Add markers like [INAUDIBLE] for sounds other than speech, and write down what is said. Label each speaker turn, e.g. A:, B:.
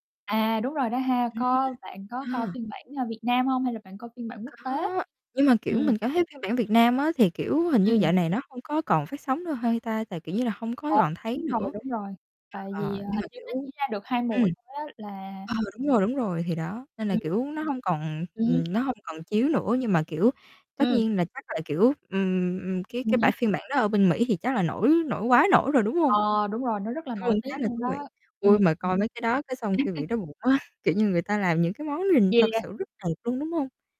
A: À, đúng rồi đó ha!
B: Ừm,
A: Có bạn có coi
B: à!
A: phiên bản, ờ, Việt Nam hông? Hay là bạn coi phiên bản quốc tế?
B: Có, nhưng mà, kiểu,
A: Ừm.
B: mình cảm thấy phiên bản Việt Nam á thì, kiểu, hình như dạo
A: Ừm.
B: này nó hông có còn phát sóng nữa hay ta? Tại, kiểu như là, hông có
A: Ờ,
B: còn thấy
A: đúng rồi,
B: nữa.
A: đúng rồi. Tại vì,
B: Ờ,
A: ờ,
B: nhưng mà,
A: hình như nó
B: kiểu,
A: chỉ ra được 2
B: ừm.
A: mùa thôi á là
B: Ờ, đúng rồi, đúng rồi, thì đó, nên là,
A: Ừm.
B: kiểu, nó hông còn
A: Ừm.
B: ừ, nó hông còn chiếu nữa nhưng mà, kiểu, tất
A: Ừm.
B: nhiên là chắc là, kiểu, ừm, ừm, ừm, cái cái
A: Ừm
B: bản
A: hứm.
B: phiên bản đó ở bên Mỹ thì chắc là nổi nổi quá nổi rồi, đúng hông?
A: Ờ, đúng rồi, nó rất là
B: Luôn
A: nổi tiếng
B: khá là
A: luôn đó.
B: thú vị.
A: Ừm,
B: Ôi,
A: ừm.
B: mà coi mấy cái đó cái xong cái bị
A: [LAUGHS]
B: đói bụng á, kiểu như người ta làm những cái món nhìn
A: Gây
B: thật
A: ra
B: sự rất đẹp luôn, đúng hông?